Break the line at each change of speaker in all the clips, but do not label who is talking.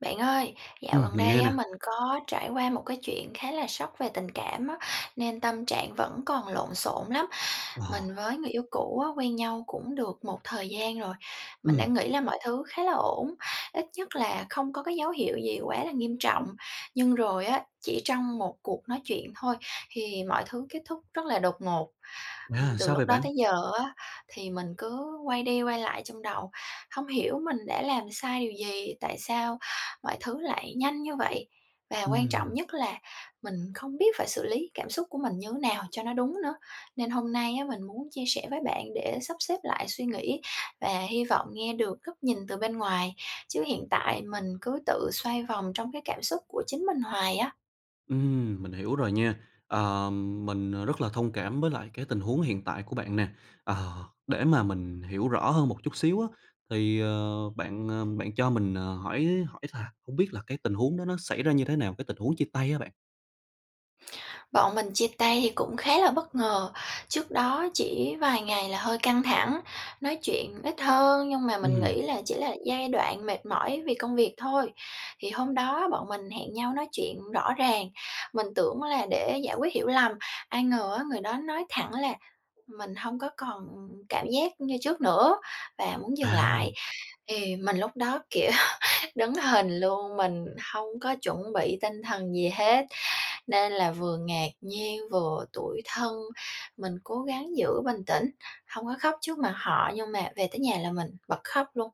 Bạn ơi, dạo
Ừm,
gần
mình
đây
nghe nè.
á, mình có trải qua một cái chuyện khá là sốc về tình cảm á, nên tâm trạng vẫn còn lộn xộn lắm. Mình
Ồ.
với người yêu cũ á, quen nhau cũng được một thời gian rồi, mình đã
Ừm.
nghĩ là mọi thứ khá là ổn, ít nhất là không có cái dấu hiệu gì quá là nghiêm trọng. Nhưng rồi á, chỉ trong một cuộc nói chuyện thôi, thì mọi thứ kết thúc rất là đột ngột. Ừm,
À,
từ
sao vậy
lúc đó
bạn?
tới giờ á thì mình cứ quay đi quay lại trong đầu, hông hiểu mình đã làm sai điều gì, tại sao mọi thứ lại nhanh như vậy? Và quan trọng
Ừm.
nhất là mình không biết phải xử lý cảm xúc của mình như nào cho nó đúng nữa. Nên hôm nay á, mình muốn chia sẻ với bạn để sắp xếp lại suy nghĩ và hy vọng nghe được góc nhìn từ bên ngoài, chứ hiện tại mình cứ tự xoay vòng trong cái cảm xúc của chính mình hoài á.
Ừm, mình hiểu rồi nha. Ờm, mình rất là thông cảm với lại cái tình huống hiện tại của bạn nè. Ờ, để mà mình hiểu rõ hơn một chút xíu á, thì, ờ, bạn, ờ, bạn cho mình, ờ, hỏi hỏi thà hông biết là cái tình huống đó nó xảy ra như thế nào? Cái tình huống chia tay á bạn.
Bọn mình chia tay thì cũng khá là bất ngờ. Trước đó chỉ vài ngày là hơi căng thẳng, nói chuyện ít hơn nhưng mà mình
Ừm.
nghĩ là chỉ là giai đoạn mệt mỏi vì công việc thôi. Thì hôm đó bọn mình hẹn nhau nói chuyện rõ ràng, mình tưởng là để giải quyết hiểu lầm, ai ngờ á, người đó nói thẳng là "Mình hông có còn cảm giác như trước nữa" và muốn dừng
À.
lại. Thì mình lúc đó, kiểu, đứng hình luôn, mình hông có chuẩn bị tinh thần gì hết, nên là vừa ngạc nhiên, vừa tủi thân. Mình cố gắng giữ bình tĩnh, hông có khóc trước mặt họ nhưng mà về tới nhà là mình bật khóc luôn.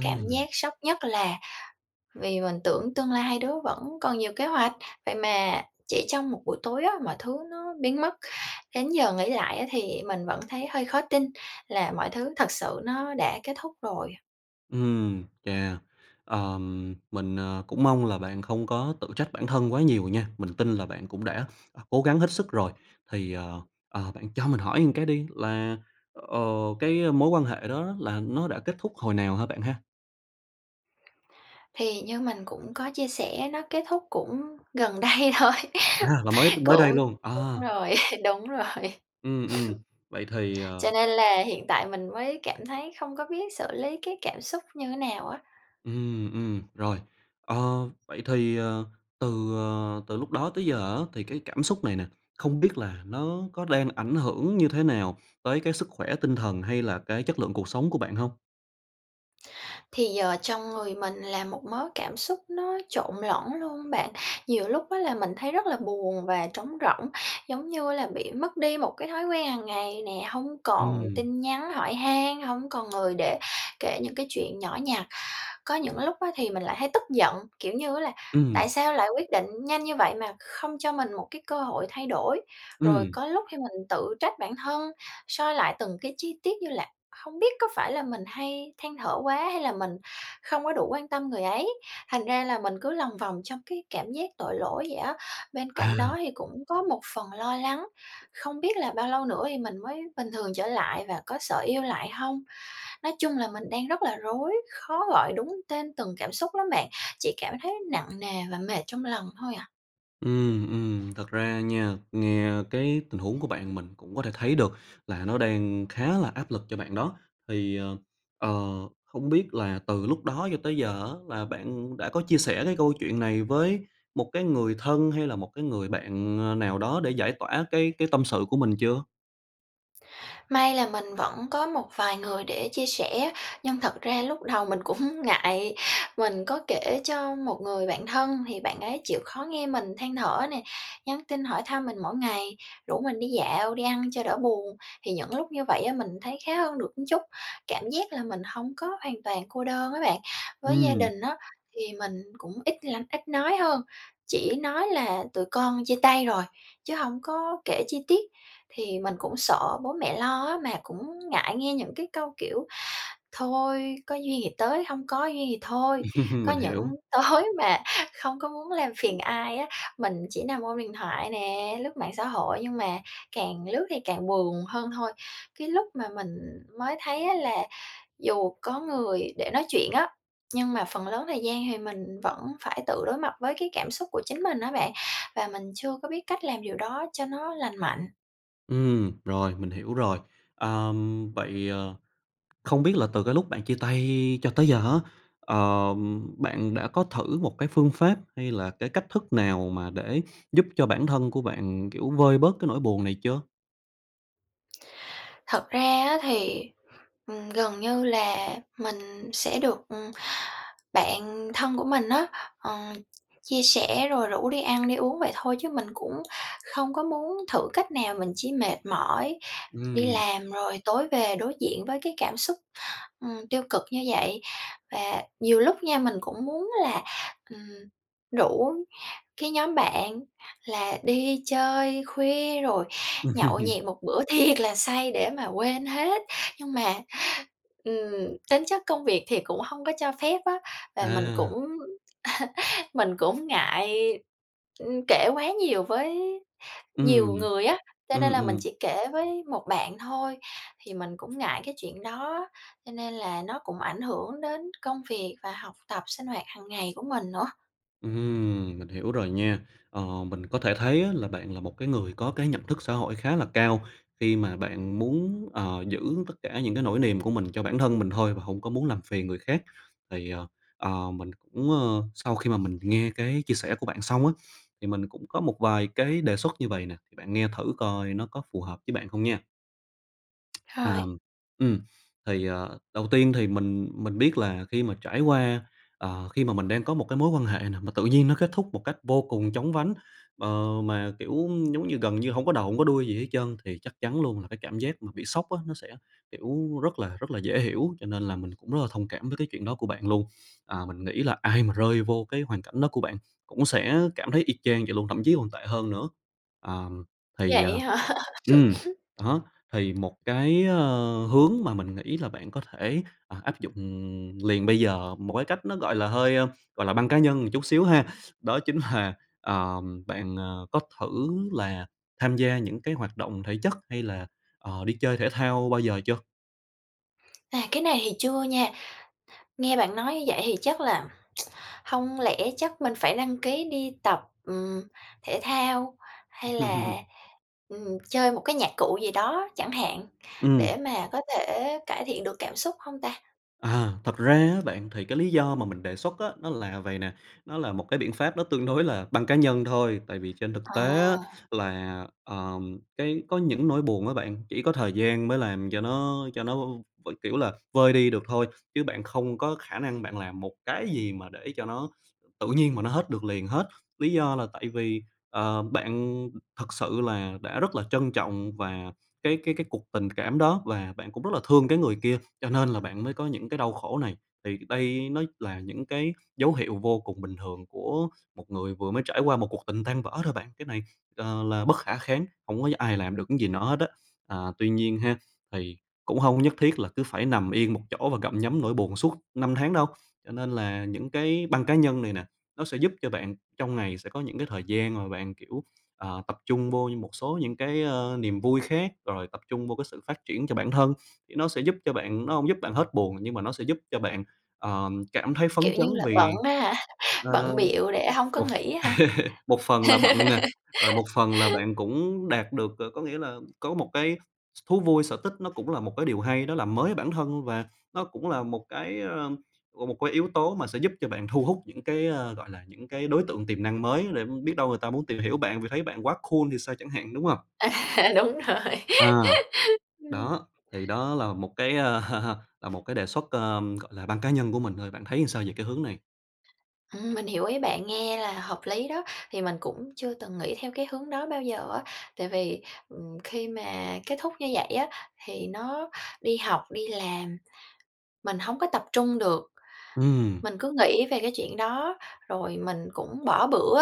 Cảm giác sốc nhất là vì mình tưởng tương lai hai đứa vẫn còn nhiều kế hoạch, vậy mà chỉ trong một buổi tối á, mọi thứ nó biến mất. Đến giờ nghĩ lại á thì mình vẫn thấy hơi khó tin là mọi thứ thật sự nó đã kết thúc rồi.
Ừm, chà. Ờm, mình, ờ, cũng mong là bạn không có tự trách bản thân quá nhiều nha. Mình tin là bạn cũng đã, à, cố gắng hết sức rồi. Thì, ờ, ờ, bạn cho mình hỏi một cái đi là, ờ, cái mối quan hệ đó là nó đã kết thúc hồi nào ha bạn ha?
Thì như mình cũng có chia sẻ nó kết thúc cũng gần đây thôi,
À, là mới mới đây
cũng
luôn, ờ.
đúng rồi, đúng rồi.
Ừm, ừm vậy thì,
Cho
ờ
nên là hiện tại mình mới cảm thấy không có biết xử lý cái cảm xúc như thế nào á.
Ừm, ừm, rồi, ờ, vậy thì, ờ, từ, ờ, từ lúc đó tới giờ á thì cái cảm xúc này nè, không biết là nó có đang ảnh hưởng như thế nào tới cái sức khỏe tinh thần hay là cái chất lượng cuộc sống của bạn hông?
Thì giờ trong người mình là một mớ cảm xúc nó trộn lẫn luôn bạn, nhiều lúc á là mình thấy rất là buồn và trống rỗng, giống như là bị mất đi một cái thói quen hằng ngày nè, hông còn
Ừm.
tin nhắn hỏi han, hông còn người để kể những cái chuyện nhỏ nhặt. Có những lúc á thì mình lại thấy tức giận, kiểu như á, là tại
Ừm.
sao lại quyết định nhanh như vậy mà không cho mình một cái cơ hội thay đổi, rồi
Ừm.
có lúc khi mình tự trách bản thân, soi lại từng cái chi tiết như là hông biết có phải là mình hay than thở quá, hay là mình không có đủ quan tâm người ấy. Thành ra là mình cứ lòng vòng trong cái cảm giác tội lỗi vậy á, bên cạnh đó
À.
thì cũng có một phần lo lắng, không biết là bao lâu nữa thì mình mới bình thường trở lại và có sợ yêu lại hông? Nói chung là mình đang rất là rối, khó gọi đúng tên từng cảm xúc lắm bạn, chỉ cảm thấy nặng nề và mệt trong lòng thôi à.
Ừm, ừm. Thật ra nha, nghe cái tình huống của bạn, mình cũng có thể thấy được là nó đang khá là áp lực cho bạn đó. Thì, ờ, ờ, không biết là từ lúc đó cho tới giờ á, là bạn, ừm, đã có chia sẻ cái câu chuyện này với một cái người thân, hay là một cái người bạn, ơ, nào đó để giải tỏa cái cái tâm sự của mình chưa?
May là mình vẫn có một vài người để chia sẻ, nhưng thật ra lúc đầu mình cũng ngại, mình có kể cho một người bạn thân thì bạn ấy chịu khó nghe mình than thở nè, nhắn tin hỏi thăm mình mỗi ngày, rủ mình đi dạo, đi ăn cho đỡ buồn. Thì những lúc như vậy á, mình thấy khá hơn được một chút, cảm giác là mình hông có hoàn toàn cô đơn á bạn. Với gia
Ừm.
đình á, thì mình cũng ít lâm ít nói hơn, chỉ nói là "Tụi con chia tay rồi", chứ hông có kể chi tiết, thì mình cũng sợ bố mẹ lo á, mà cũng ngại nghe những cái câu, kiểu: "Thôi, có duyên thì tới, hông có duyên thì thôi." Có
Mình
những
hiểu.
tối mà không có muốn làm phiền ai á, mình chỉ nằm ôm điện thoại nè, lướt mạng xã hội, nhưng mà càng lướt thì càng buồn hơn thôi. Cái lúc mà mình, ừm, mới thấy á là dù có người để nói chuyện á, nhưng mà phần lớn thời gian thì mình vẫn phải tự đối mặt với cái cảm xúc của chính mình á bạn và mình chưa có biết cách làm điều đó cho nó lành mạnh.
Ừm, rồi, mình hiểu rồi. Ờm, vậy, ờ, không biết là từ cái lúc bạn chia tay cho tới giờ á, ờ, bạn đã có thử một cái phương pháp hay là cái cách thức nào mà để giúp cho bản thân của bạn, kiểu, vơi bớt cái nỗi buồn này chưa?
Thật ra á thì, ừm, gần như là mình sẽ được, ừ, bạn thân của mình á, ờ, chia sẻ rồi rủ đi ăn đi uống vậy thôi chứ mình cũng không có muốn thử cách nào, mình chỉ mệt mỏi đi
Ừm.
làm rồi tối về đối diện với cái cảm xúc, ừm, tiêu cực như vậy. Và nhiều lúc nha, mình cũng muốn là, ừm, rủ cái nhóm bạn là đi chơi khuya rồi nhậu nhẹt một bữa thiệt là say để mà quên hết, nhưng mà, ừm, tính chất công việc thì cũng hông có cho phép á, và mình
À.
cũng mình cũng ngại, ư, kể quá nhiều với nhiều
Ừm.
người á, cho nên
Ừm,
là mình
ừm.
chỉ kể với một bạn thôi. Thì mình cũng ngại cái chuyện đó cho nên là nó cũng ảnh hưởng đến công việc và học tập, sinh hoạt hàng ngày của mình nữa.
Ừm, mình hiểu rồi nha, ờ, mình có thể thấy là bạn là một cái người có cái nhận thức xã hội khá là cao khi mà bạn muốn, ờ, giữ tất cả những cái nỗi niềm của mình cho bản thân mình thôi và hông có muốn làm phiền người khác. Thì, ờ, ờ, mình cũng, ơ, sau khi mà mình nghe cái chia sẻ của bạn xong á, thì mình cũng có một vài cái đề xuất như vầy nè, thì bạn nghe thử coi nó có phù hợp với bạn không nha. À,
Rồi.
ừm, ừm, thì, ờ, đầu tiên thì mình mình biết là khi mà trải qua, ờ, khi mà mình đang có một cái mối quan hệ nè mà tự nhiên nó kết thúc một cách vô cùng chóng vánh, ờ, mà, kiểu, ưm, giống như gần như hông có đầu hông có đuôi gì hết trơn thì chắc chắn luôn là cái cảm giác mà bị sốc á nó sẽ, kiểu, rất là rất là dễ hiểu cho nên là mình cũng rất là thông cảm với cái chuyện đó của bạn luôn. À, mình nghĩ là ai mà rơi vô cái hoàn cảnh đó của bạn cũng sẽ cảm thấy y chang vậy luôn, thậm chí còn tệ hơn nữa. À, thì, à
Vậy hả?
ừm, đó, thì một cái, ơ, hướng mà mình nghĩ là bạn có thể, ờ, áp dụng liền bây giờ một cái cách nó, gọi là, hơi, a, gọi là, băng cá nhân một chút xíu ha, đó chính là, ờm, bạn, ờ, có thử là tham gia những cái hoạt động thể chất hay là, ờ, đi chơi thể thao bao giờ chưa?
À, cái này thì chưa nha. Nghe bạn nói như vậy thì chắc là hông lẽ chắc mình phải đăng ký đi tập, ừm, thể thao hay là, ừm, chơi một cái nhạc cụ gì đó chẳng hạn, để
Ừm.
mà có thể cải thiện được cảm xúc hông ta?
À, thật ra á bạn thì cái lý do mà mình đề xuất á nó là vầy nè, nó là một cái biện pháp nó tương đối là băng cá nhân thôi. Tại vì trên thực tế á
À.
là, ờ, cái có những nỗi buồn á bạn, chỉ có thời gian mới làm cho nó cho nó v kiểu là, vơi đi được thôi, chứ bạn không có khả năng bạn làm một cái gì mà để cho nó tự nhiên mà nó hết được liền hết. Lý do là tại vì, ờ, bạn thực sự là đã rất là trân trọng và cái cái cái cuộc tình cảm đó, và bạn cũng rất là thương cái người kia cho nên là bạn mới có những cái đau khổ này. Thì đây nó là những cái dấu hiệu vô cùng bình thường của một người vừa mới trải qua một cuộc tình tan vỡ thôi bạn. Cái này là là bất khả kháng, hông có ai làm được cái gì nó hết á, à, tuy nhiên ha, thì cũng hông có nhất thiết là cứ phải nằm yên một chỗ và gặm nhấm nỗi buồn suốt năm tháng đâu. Cho nên là những cái băng cá nhân này nè, nó sẽ giúp cho bạn trong ngày sẽ có những cái thời gian mà bạn, kiểu, ờ, tập trung vô như một số những cái, a, niềm vui khác, rồi tập trung vô cái sự phát triển cho bản thân thì nó sẽ giúp cho bạn nó hông giúp bạn hết buồn nhưng mà nó sẽ giúp cho bạn, ờ, cảm thấy phấn
Kiểu như
chấn
là
vì
bận á hả,
ờ,
bận bịu để hông có
một
nghĩ á hả?
một phần là bận nè, rồi một phần là bạn cũng đạt được, rồi có nghĩa là có một cái s thú vui, sở thích nó cũng là một cái điều hay. Nó làm mới bản thân và nó cũng là một cái, a, một cái yếu tố mà sẽ giúp cho bạn thu hút những cái, à, gọi là, những cái đối tượng tiềm năng mới để biết đâu người ta muốn tìm hiểu bạn vì thấy bạn quá cool thì sao chẳng hạn, đúng hông?
Ờ. Đúng rồi.
À.
Ừ.
Đó, thì đó là một cái, à, là một cái đề xuất, ờ, gọi là băng cá nhân của mình thôi, bạn thấy sao về cái hướng này?
Ừm, mình hiểu ý bạn, nghe là hợp lý đó. Thì mình cũng chưa từng nghĩ theo cái hướng đó bao giờ á, tại vì, ừm, khi mà kết thúc như vậy á thì nó đi học, đi làm, mình hổng có tập trung được.
Ừm.
Mình cứ nghĩ về cái chuyện đó rồi mình cũng bỏ bữa,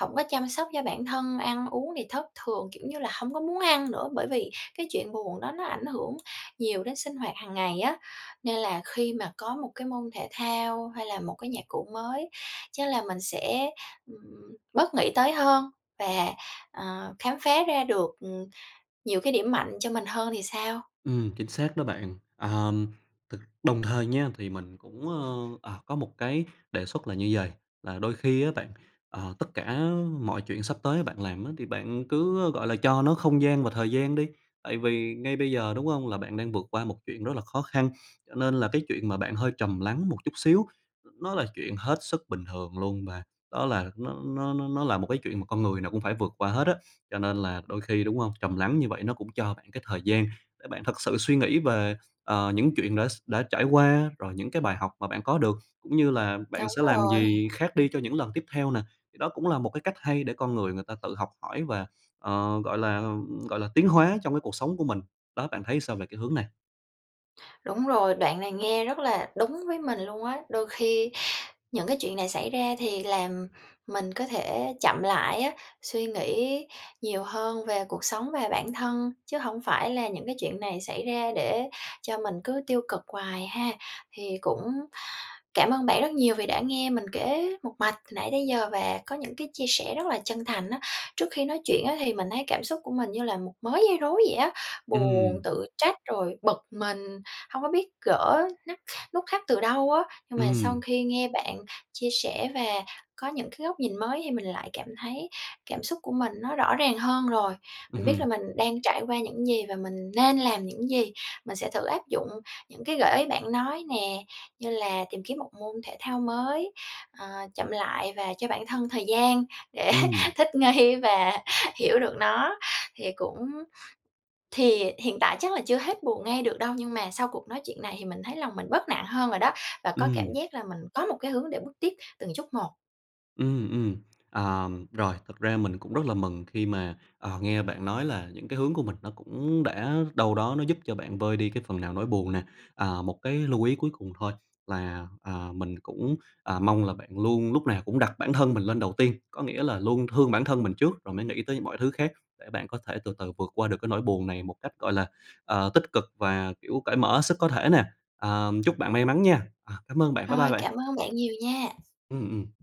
hổng có chăm sóc cho bản thân, ăn uống thì thất thường, kiểu như là, hông có muốn ăn nữa, bởi vì cái chuyện buồn đó nó ảnh hưởng nhiều đến sinh hoạt hàng ngày á, nên là khi mà có một cái môn thể thao, hay là một cái nhạc cụ mới, chắc là mình sẽ, ừm, bớt nghĩ tới hơn và, ờ, khám phá ra được, ừm, nhiều cái điểm mạnh cho mình hơn thì sao.
Ừm, chính xác đó bạn. À, ừm, thực đồng thời nha thì mình cũng, ơ, à, có một cái đề xuất là như vầy, là đôi khi á bạn, ờ, tất cả mọi chuyện sắp tới bạn làm á thì bạn cứ, ơ, gọi là, cho nó không gian và thời gian đi, tại vì ngay bây giờ, đúng hông? Là bạn đang vượt qua một chuyện rất là khó khăn, cho nên là cái chuyện mà bạn hơi trầm lắng một chút xíu, nó là chuyện hết sức bình thường luôn và đó là nó nó nó nó là một cái chuyện mà con người nào cũng phải vượt qua hết á. Cho nên là đôi khi, đúng hông? Trầm lắng như vậy nó cũng cho bạn cái thời gian để bạn thực sự suy nghĩ về, à, những chuyện đã x đã trải qua, rồi những cái bài học mà bạn có được, cũng như là bạn
Đúng
sẽ làm
rồi.
gì khác đi cho những lần tiếp theo nè, thì đó cũng là một cái cách hay để con người người ta tự học hỏi và, ờ, gọi là, ừm, gọi là, tiến hóa trong cái cuộc sống của mình, đó, bạn thấy sao về cái hướng này?
Đúng rồi, đoạn này nghe rất là đúng với mình luôn á. Đôi khi những cái chuyện này xảy ra thì làm mình có thể chậm lại á, suy nghĩ nhiều hơn về cuộc sống và bản thân chứ hông phải là những cái chuyện này xảy ra để cho mình cứ tiêu cực hoài ha? Thì cũng cảm ơn bạn rất nhiều vì đã nghe mình kể một mạch nãy từ tới giờ và có những cái chia sẻ rất là chân thành á. Trước khi nói chuyện á thì mình thấy cảm xúc của mình như là một mớ dây rối vậy á, buồn,
Ừm.
tự trách, rồi bực mình, hông có biết gỡ nắc nút thắt từ đâu á, nhưng mà sau
Ừm.
khi nghe bạn chia sẻ và có những cái góc nhìn mới thì mình lại cảm thấy cảm xúc của mình nó rõ ràng hơn rồi.
Ừm
Mình biết là
hừm.
mình đang trải qua những gì và mình nên làm những gì, mình sẽ thử áp dụng những cái gợi ý bạn nói nè, như là tìm kiếm một môn thể thao mới, ờ, chậm lại và cho bản thân thời gian để
Ừm.
thích nghi và hiểu được nó. Thì cũng thì hiện tại chắc là chưa hết buồn ngay được đâu nhưng mà sau cuộc nói chuyện này thì mình thấy lòng mình bớt nặng hơn rồi đó và có cảm
Ừm.
giác là mình có một cái hướng để bước tiếp từng chút một.
Ừm, ừm. À, rồi, thực ra mình cũng rất là mừng khi mà, à, nghe bạn nói là những cái hướng của mình nó cũng đã đâu đó nó giúp cho bạn vơi đi cái phần nào nỗi buồn nè. À, một cái lưu ý cuối cùng thôi là, à, mình cũng, à, mong là bạn luôn lúc nào cũng đặt bản thân mình lên đầu tiên, có nghĩa là luôn thương bản thân mình trước rồi mới nghĩ tới mọi thứ khác để bạn có thể từ từ vượt qua được cái nỗi buồn này một cách, gọi là, ờ, tích cực và, kiểu, cởi mở hết sức có thể nè. Ờ, chúc bạn may mắn nha! À, cảm ơn bạn, bye bye
Rồi,
bạn.
cảm ơn bạn nhiều nha!
Ừm, ừm.